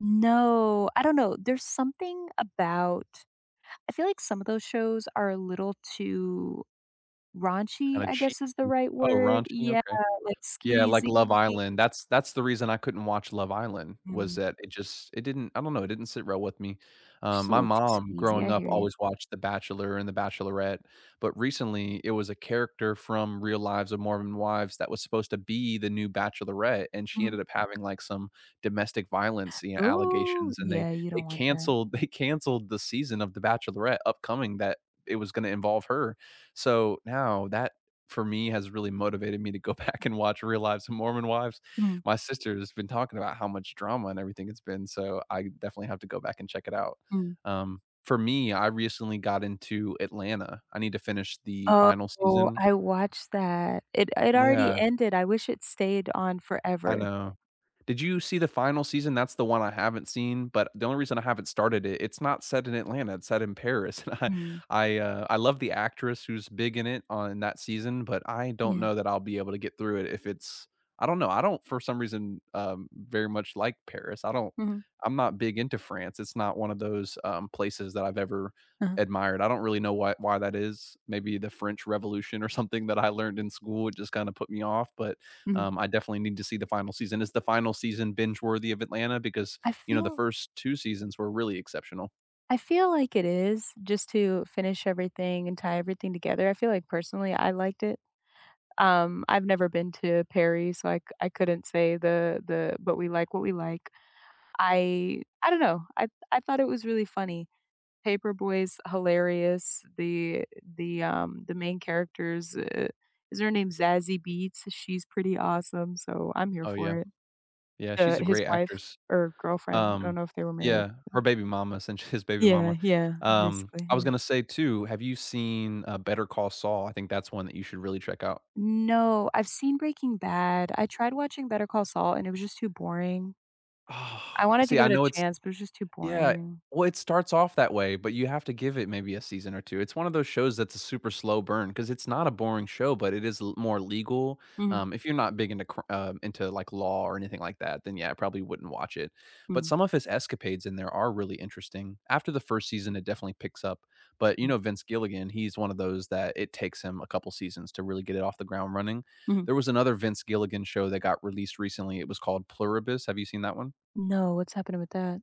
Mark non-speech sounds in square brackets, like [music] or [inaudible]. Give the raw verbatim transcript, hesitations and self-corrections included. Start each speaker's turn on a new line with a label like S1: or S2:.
S1: No, I don't know, there's something about I feel like some of those shows are a little too raunchy,
S2: Kinda
S1: I
S2: cheek.
S1: guess is the right
S2: Oh,
S1: word?
S2: raunchy,
S1: Yeah,
S2: okay.
S1: like,
S2: Yeah, like,
S1: skeezy.
S2: Love Island, that's that's the reason I couldn't watch Love Island, was
S1: Mm.
S2: that it just it didn't I don't know, it didn't sit well with me. Um,
S1: Just a
S2: my
S1: little too
S2: mom
S1: skeezy,
S2: growing
S1: I
S2: up
S1: hear you.
S2: always watched The Bachelor and The Bachelorette, but, recently it was a character from Real Lives of Mormon Wives that was supposed to be the new Bachelorette, and she
S1: Mhm.
S2: ended up having, like, some domestic violence, you know,
S1: Ooh,
S2: allegations, and they
S1: yeah, you
S2: they
S1: don't want that.
S2: canceled they canceled the season of The Bachelorette upcoming that it was gonna involve her, so now that, for me has really motivated me to go back and watch Real Lives of Mormon Wives.
S1: Mm.
S2: My sister has been talking about how much drama and everything it's been, so I definitely have to go back and check it out.
S1: Mm.
S2: Um, for me, I recently got into Atlanta, I need to finish the final
S1: Oh,
S2: season.
S1: I watched that. It it already
S2: Yeah.
S1: ended, I wish it stayed on
S2: I
S1: forever.
S2: know. Did you see the final season? That's the one I haven't seen, but, the only reason I haven't started it, it's not set in Atlanta, it's set in Paris, [chuckles] and I
S1: Mm.
S2: I, uh, I love the actress who's big in it on that season, but, I don't
S1: Yeah.
S2: know that I'll be able to get through it if it's I don't know, I don't for some reason, um, very much like Paris, I don't
S1: Mhm.
S2: I'm not big into France, it's not one of those, um, places that I've ever
S1: Uh-huh.
S2: admired, I don't really know why why that is, maybe the French Revolution or something that I learned in school, it just kind of put me off, but,
S1: Mhm.
S2: um, I definitely need to see the final season, is the final season binge worthy of Atlanta, because,
S1: I
S2: you know, the
S1: feel
S2: first two seasons were really exceptional.
S1: I feel like it is, just to finish everything and tie everything together. I feel like, personally, I liked it. Um, I've never been to Paris, so I I couldn't say the the but, we like what we like I I don't know, I I thought it was really funny, Paper Boy is hilarious, the the, um the main characters, uh, is her name Zazie Beetz, she's pretty awesome, so I'm here
S2: Oh,
S1: for
S2: yeah.
S1: it.
S2: Yeah,
S1: Uh,
S2: she's a
S1: his
S2: great
S1: wife
S2: actress.
S1: or girlfriend, I don't
S2: Um,
S1: know if they were married.
S2: yeah, her baby mama s and his baby
S1: Yeah,
S2: mama.
S1: yeah,
S2: Um,
S1: basically,
S2: I was
S1: yeah.
S2: gonna say too, have you seen a Better Call Saul? I think that's one that you should really check out.
S1: No, I've seen Breaking Bad, I tried watching Better Call Saul and it was just too boring.
S2: Oh,
S1: I wanted to
S2: see,
S1: give
S2: I
S1: it a
S2: know it's,
S1: chance, but it's just too
S2: yeah
S1: boring.
S2: well, it starts off that way, but, you have to give it maybe a season or two. It's one of those shows that's a super slow burn, 'cause it's not a boring show, but, it is l more legal.
S1: Mhm.
S2: Um, if you're not big into cr um, into like law or anything like that, then yeah, I probably wouldn't watch it, but,
S1: Mm.
S2: some of his escapades in there are really interesting. After the first season, it definitely picks up, but, you
S1: Mm.
S2: know, Vince Gilligan, he's one of those that it takes him a couple seasons to really get it off the ground running.
S1: Mhm.
S2: There was another Vince Gilligan show that got released recently, it was called Pluribus. Have you seen that one?
S1: No, what's happening with that?